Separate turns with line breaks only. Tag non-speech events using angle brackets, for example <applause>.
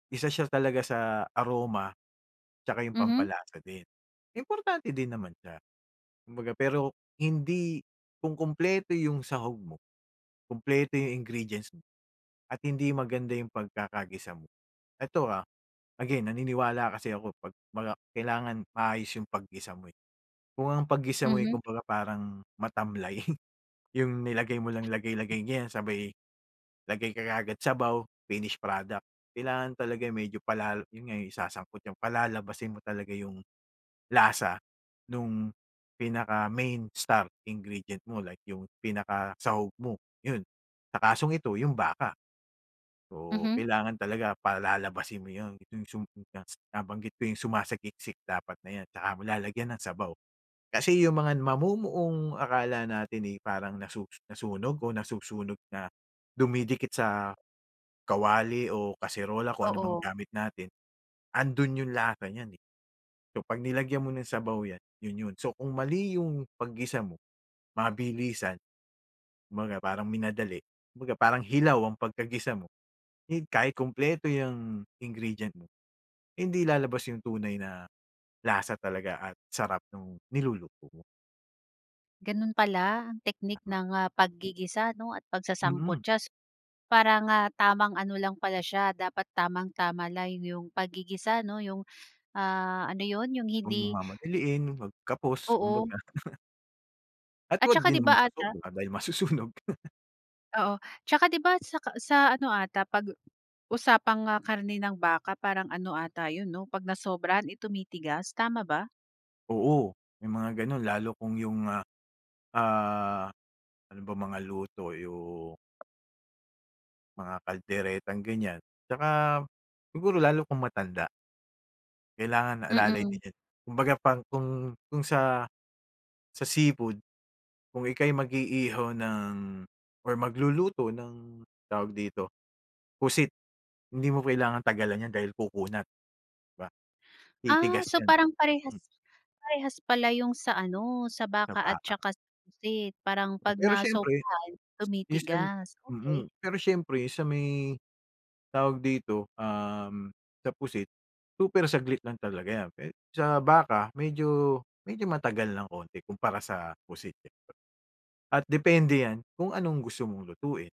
Isa siya talaga sa aroma, 'tsaka 'yong
Mhm.
pampalasa din. Importante din naman siya, kumbaga. Pero hindi kung kumpleto 'yong sahog mo, kumpleto 'yong ingredients mo, at hindi maganda 'yong pagkakagisa mo ito, ah, again naniniwala kasi ako 'pag 'baga kailangan maayos 'yong paggisa mo, eh. Kung ang paggisa mo, eh,
Mhm.
kumbaga parang matamlay, <chuckles> 'yong nilagay mo lang lagay-lagay niyan sabay lagay ka kaagad sabaw, finish product. Kailangan talaga 'yong medyo palal 'yon nga, 'yong isasangkot 'yong palalabasin mo talaga 'yong lasa no'ng pinaka main star ingredient mo like 'yong pinaka sahog mo, 'yon. Sa kasong ito 'yong baka. Oo,
Mhm.
kailangan talaga palalabasin mo 'yon, 'yong sum <unintelligible> nabanggit ko 'yong sumasagiksik dapat na 'yan, saka mo lalagyan ng sabaw. Kasi 'yong mga n mamumuong akala natin, eh, parang nasu nasunog o nasusunog na dumidikit sa kawali o kaserola, kung ano mang
Oo.
gamit natin, ando'n 'yong lasa niyan, eh. So 'pag nilagyan mo ng sabaw 'yan, 'yon 'yon. So kung mali 'yong paggisa mo, mabilisan, kumbaga parang minadali. Kumbaga parang hilaw ang pagkagisa mo, hin kahit kumpleto 'yang ingredient mo, hindi lalabas 'yong tunay na lasa talaga at sarap no'ng niluluto mo.
Gano'n pala ang teknik
Tama.
ng, ah, paggigisa, 'no, at
Mm.
pagsasangkutsa s para nga tamang ano lang pala siya, dapat tamang-tama lang 'yong pagigisa, 'no, 'yong, ah, ano 'yon, 'yong
'Wag mong
hindi
mamadiliin 'pag kapos
Oo.
kumbaga. <chuckles> At
At
'wag
saka,
din
'di
naman
ba, ata
susobra dahil masusunog.
Oo, 'tsaka 'di ba sa ka sa ano ata 'pag usapang, ah, karne ng baka parang ano ata 'yon, 'no, 'pag nasobrahan, eh, tumitigas, tama ba?
Oo, may mga gano'n lalo kung 'yong, ah, ah, ano bang mga luto 'yong mga kalderetang ganiyan. 'Tsaka siguro lalo kung matanda. Kailangan alalay din
Mm.
'yon, kumbaga pang kung kung sa sa seafood, kung ika'y mag-iihaw ng or magluluto ng tawag dito, pusit hindi mo kailangang tagalan 'yan dahil kukunat ba,
Ah,
titigas
so
'yan.
parang parehas
Hmm.
parehas pala 'yong sa, ano, sa
Na
baka at
baka.
saka sa pusit. Parang 'pag
Pero siyempre
nasobrahan,
minsan
tumitigas.
mm,
Okey.
pero siyempre sa may, tawag dito, um, sa pusit, super saglit lang talaga 'yan pe sa baka medyo medyo matagal ng konti kumpara sa pusit, eh. At depende 'yan kung anong gusto mong lutuin.